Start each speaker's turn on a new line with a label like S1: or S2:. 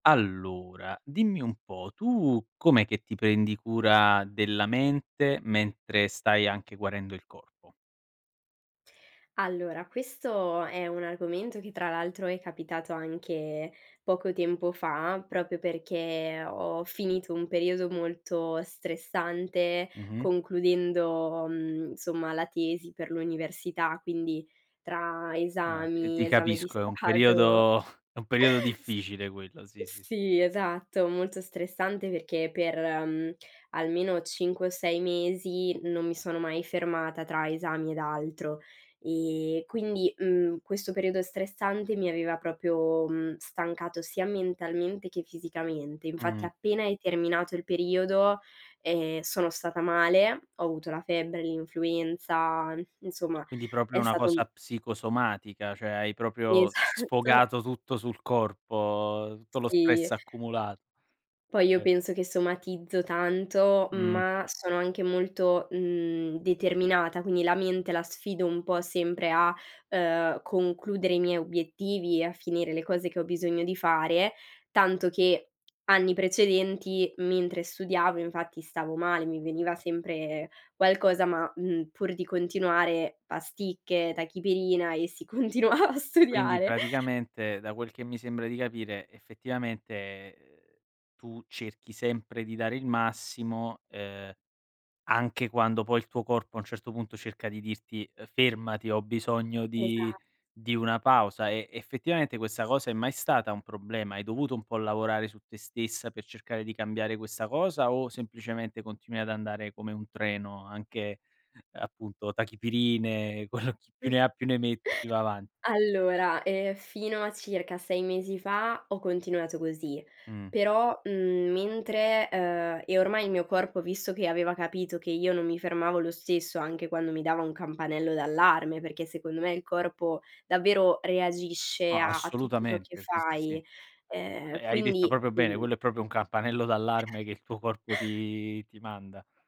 S1: Allora, dimmi un po', tu com'è che ti prendi cura della mente, mentre stai anche guarendo il corpo?
S2: Allora, questo è un argomento che tra l'altro è capitato anche poco tempo fa, proprio perché ho finito un periodo molto stressante
S1: Mh-mh.
S2: concludendo, mhmm, insomma la tesi per l'università, quindi tra
S1: Ma t ti
S2: esami, Esame di
S1: capisco, è un
S2: Stato.
S1: periodo è un periodo
S2: S
S1: difficile quello, sì, sì, sì.
S2: sì, esatto, molto stressante perché per, mhmm, almeno 5 o 6 mesi non mi sono mai fermata tra esami ed altro. Ehm, quindi, mhmm, questo periodo stressante mi aveva proprio, mhmm, stancato sia mentalmente che fisicamente. Infatti
S1: Mh.
S2: appena è terminato il periodo, ehm, sono stata male, ho avuto la febbre, l'influenza insomma
S1: Quindi proprio
S2: è
S1: una
S2: stato
S1: cosa psicosomatica, cioè hai proprio
S2: Esatto.
S1: sfogato tutto sul corpo, tutto lo stress
S2: Sì.
S1: accumula
S2: Poi io
S1: eh.
S2: penso che somatizzo tanto,
S1: Mh.
S2: ma sono anche molto, mhmm, determinata, quindi la mente la sfido un po' sempre a, ehm, concludere i miei obiettivi e a finire le cose che ho bisogno di fare, tanto che anni precedenti mentre studiavo, infatti stavo male, mi veniva sempre qualcosa, ma, mhmm, pur di continuare: pasticche, tachipirina e si continuava a
S1: Quindi
S2: studiare.
S1: praticamente da quel che mi sembra di capire, effettivamente, uhm, tu cerchi sempre di dare il massimo, ehm, anche quando poi il tuo corpo a un certo punto cerca di dirti: "Fermati, ho bisogno di
S2: Esa
S1: di una pausa", e effettivamente questa cosa è mai stata un problema? Hai dovuto un po' lavorare su te stessa per cercare di cambiare questa cosa o semplicemente continui ad andare come un treno, anche appunto tachipirine, quello chi
S2: Mh,
S1: più ne ha più ne metta, più va avanti.
S2: allora, eh, fino a circa 6 mesi fa ho continuato così,
S1: Mh.
S2: però, mhmm, mentre uhm, e ormai il mio corpo visto che aveva capito che io non mi fermavo lo stesso anche quando mi dava un campanello d'allarme, perché secondo me il corpo davvero reagisce
S1: Ma
S2: a a tutto ciò che
S1: assolutamente, sì, sì, sì.
S2: fai, uhm,
S1: Ha hai detto
S2: quindi
S1: proprio bene,
S2: mhmm
S1: quello è proprio un campanello d'allarme che il tuo corpo ti ti manda.